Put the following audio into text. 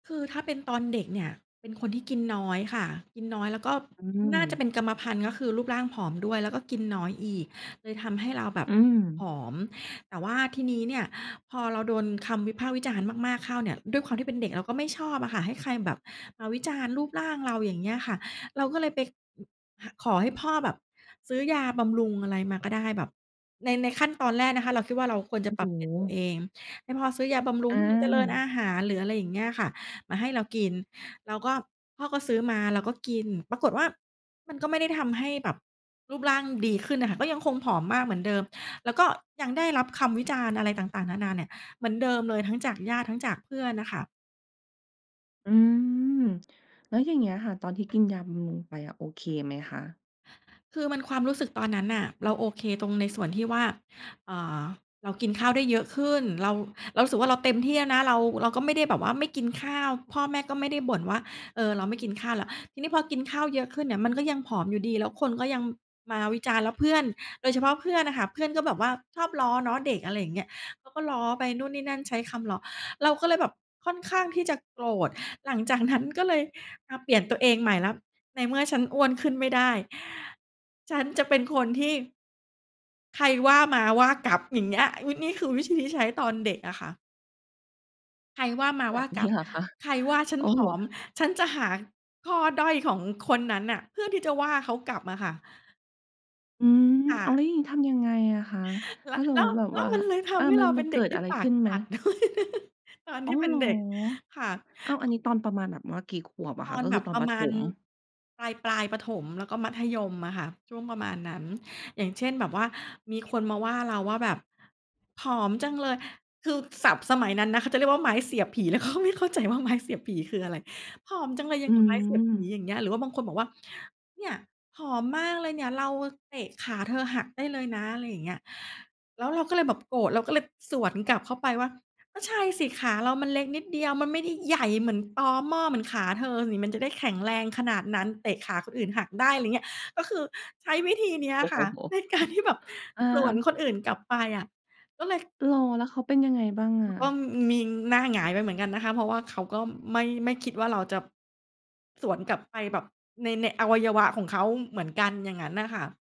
คือถ้าเป็นตอนเด็กเนี่ยเป็นคนที่กินน้อยค่ะ กินน้อย แล้วก็อืน่าจะม เป็นกรรมพันธุ์ ก็คือรูปร่างผอมด้วย แล้วก็กินน้อยอีก เลยทำให้เราแบบ อืม ผอม แต่ว่าทีนี้เนี่ยพอเราโดนคำวิพากษ์วิจารณ์มาก ๆ เข้าเนี่ย ด้วยความที่เป็นเด็กเราก็ไม่ชอบอะค่ะ ให้ใครแบบมาวิจารณ์รูปร่างเรา อย่างเงี้ยค่ะ เราก็เลยไป อ ขอให้พ่อแบบซื้อยาบำรุงอะไรมาก็ได้แบบ ใน ในขั้นตอนแรกนะคะ เราคิดว่า เราควรโจอะ้ปโรับเปลี่ยนตัวฮ เอง ให้พ่อซื้อยาบำรุองให้มันเจริญอา าหาร หรืออะไรอย่างเงี้ยค่ะ มาให้เรากิน แล้วก็พ่อก็ซื้อมาเราก็กิน ปรากฏว่า มันก็ไม่ได้ทำให้แบบรูปร่างดีขึ้นน่ะค่ะ ก็ยังคงผอมมากเหมือนเดิม แล้วก็ยังได้รับคำวิจารณ์อะไรต่าง ๆ นานาเนี่ย เหมือนเดิมเลยทั้งจากญาติทั้งจากเพื่อนน่ะค่ะ อืม แล้วอย่างเงี้ยค่ะ ตอนที่กินยาบำรุงไปอะ โอเคไหมคะ? คือมัน ความรู้สึกตอนนั้นน่ะ เราโอเคตรงในส่วนที่ว่า เอ่อ เรากินข้าวได้เยอะขึ้น เรา เรารู้สึกว่าเราเต็มที่แล้วนะ เรา เราก็ไม่ได้แบบว่าไม่กินข้าว พ่อแม่ก็ไม่ได้บ่นว่า เอ่อ เราไม่กินข้าวแล้ว ทีนี้พอกินข้าวเยอะขึ้นเนี่ย มันก็ยังผอมอยู่ดี แล้วคนก็ยังมาวิจารณ์ แล้วเพื่อน โดยเฉพาะเพื่อนน่ะค่ะ เพื่อนก็แบบว่าชอบล้อเนาะ เด็ก อะไรอย่างเงี้ย เขาก็ล้อไปนู่นนี่นั่นใช้คำล้อ เราก็เลยแบบค่อนข้างที่จะโกรธ หลังจากนั้นก็เลยมาเปลี่ยนตัวเองใหม่แล้ว ในเมื่อฉันอ้วนขึ้นไม่ได้ ฉันจะเป็นคนที่ ใครว่ามา ว่ากลับ อย่างเงี้ย นี่ นี่คือวิธีที่ใช้ตอนเด็กอะค่ะ ใครว่ามา แบว่าบ นกลี้ับ เหรอคะ? ใครว่าฉัโนอ้ผโอม ฮ ฉันจะหาข้อด้อยของคนนั้นน่ะ เพื่อที่จะว่าเขากลับอะค่ะ อืม ค่อ้าะ ว แล้วอย่างนี้ทำยังไงอะคะ แลถ้ะ าสแมลมุ้ตว ิแบบแล้ว่วา มันเลยทอา ำให้มัเรน าเมัป็นนเเกด็ิกดทีอ่ะไรปขาึก้นไหจม? ัด ด้วย ตอนอ๋ทอ ี่เปเ็หนรอ? เด็ก ค่ะ อ้าว! อันนี้ตอนประมาณแบบว่ากี่ขวบอะตคอะ? นก็แบคือบตอปนรปะระมถาณ ม ปลาย ๆ ประถม แล้วก็มัธยมอะคะ ช่วงประมาณนั้น อย่างเช่นแบบว่า มีคนมาว่าเราว่าแบบ "ผอมจังเลย" คือศัพท์สมัยนั้นนะ เขาจะเรียกว่าไม้เสียบผี แล้วก็ไม่เข้าใจว่า ไม้เสียบผีคืออะไร? "ผอมจังเลยอย่อาืงกับไม้เสียบผี" ม อย่างเงี้ย หรือว่าบางคนบอกว่า "เนี่ย ผอมมากเลยเนี่ย เราอะเตะขาเธอหักได้เลยนะ" อะไรอย่างเงี้ย แล้วเราก็เลยแบบโกรธ เราก็เลยสวนกลับเข้าไปว่า "ก็ใช่สิขาเรามันเล็กนิดเดียว มันไม่ได้ใหญ่เหมือนตอม่อเหมือนขาเธอนี่ มันจะได้แข็งแรงขนาดนั้น เตะขาคนอื่นหักได้" อะไรเงี้ย ก็คือใช้วิธีนี้โออ้ะโคฮ ่ะ ใน การ ที่แบบอา สวนคนอื่นกลับไปอะ ก็เลย เหรอ แล้วเขาเป็นยังไงบ้างอแล้ะ? วก็ อืม มีหน้าหงายไปเหมือนกันนะคะ เพราะว่าเขาก็ไม่ ไม่คิดว่าเราจะ สวนกลับไปแบบใน ในอวัยวะของเขาเหมือนกัน อย่างงั้นน่ะค่ะ